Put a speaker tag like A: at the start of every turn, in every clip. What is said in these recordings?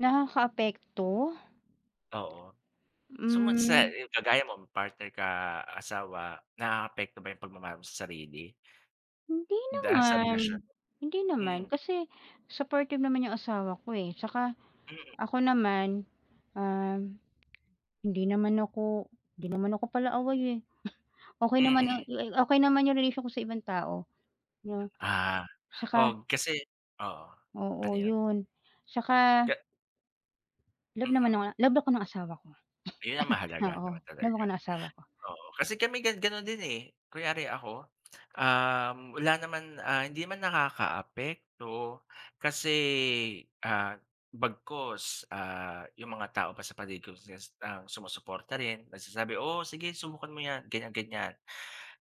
A: Nakakaapekto?
B: Oo. Sumakse
A: Hmm.
B: 'yong kagaya mo may partner ka asawa, naapekto ba 'yong pagmamaha mo sa sarili?
A: Hindi
B: Daan sa relasyon.
A: naman, hindi naman.
B: Mm.
A: Kasi, supportive naman 'yong asawa ko, eh, 'tsaka
B: Mm.
A: ako naman, um, hindi naman ako hindi naman ako pala away, eh. Okay naman a
B: Mm.
A: li okay naman 'yong relation ko sa ibang tao. Yeah,
B: Ah.
A: saka
B: Og kasi oo, ano
A: oo,
B: 'yon?
A: 'yon, saka
B: Ka
A: love naman
B: Mhm.
A: ako ng love ako ng asawa ko.
B: Ayun ang mahalaga
A: Oo,
B: naman
A: love
B: talaga.
A: ako ng asawa ko.
B: Oo, kasi kami gan gano'n din, eh. Kunyari ako, um, wala naman, ah, hindi naman nakakaapekto kasi, ah, bagkus, ah, 'yong mga tao pa sa paligid, closest ang sumusuporta rin, nagsasabi, "Oo, sige subukan mo 'yan," ganiyan-ganiyan.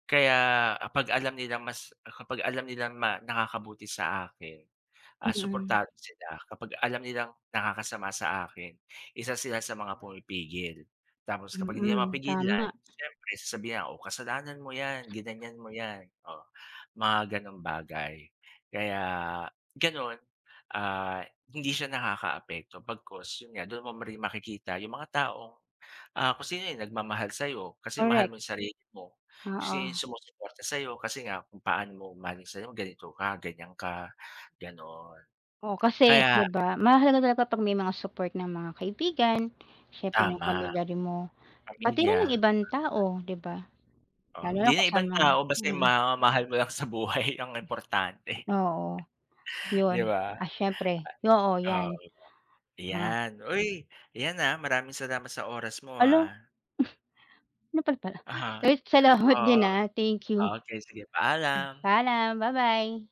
B: Kaya, ah, 'pag alam nilang mas kapag alam nilang ma nakakabuti sa akin, ah,
A: Mm.
B: suportado sila, kapag alam nilang, nakakasama sa akin, isa sila sa mga pumipigil. Tapos kapag hindi na ako
A: Mm,
B: mapigilan,
A: tama.
B: siyempre sasabihan ako, "O, kasalanan mo 'yan, ginanyan mo yan," o, mga gano'ng bagay. Kaya gano'n, ah, hindi siya nakakaapekto bagkus 'yon nga, do'n mo rin makikita 'yong mga taong, ah, kung sino 'yong nagmamahal sa'yo, kasi mahal
A: Correct.
B: mo 'yong sarili mo, sino 'yong
A: Oo.
B: sumusuporta sa'yo kasi nga, kung paano mo mahalin sarili mo, ganito ka, ganiyan ka, gano'n.
A: Oo. kasi,
B: Kaya
A: 'di ba, mahalaga talaga pag may mga support ng mga kaibigan, siyempre ng
B: Tama.
A: pamilya din mo, pati rin
B: Pamilya.
A: 'yong ibang tao, 'di ba?
B: O?
A: Lalo
B: Hindi
A: na
B: na 'yong ibang
A: kasama ang
B: tao basta 'yong
A: mm.
B: mga mahal mo lang sa buhay ang importante.
A: Ya Oo. 'Yon,
B: 'Di ba?
A: ah, siyempre, oo 'yan.
B: Oo,
A: Ha
B: 'yon lang. 'Yan, uy, 'yan, ah, maraming salamat sa oras mo,
A: Hala!
B: ah.
A: Nopal pala.
B: Uh-huh.
A: Uy, salamat
B: Oo.
A: din, ah, thank you. M
B: Okay sige, paalam.
A: paalam, ba-bye.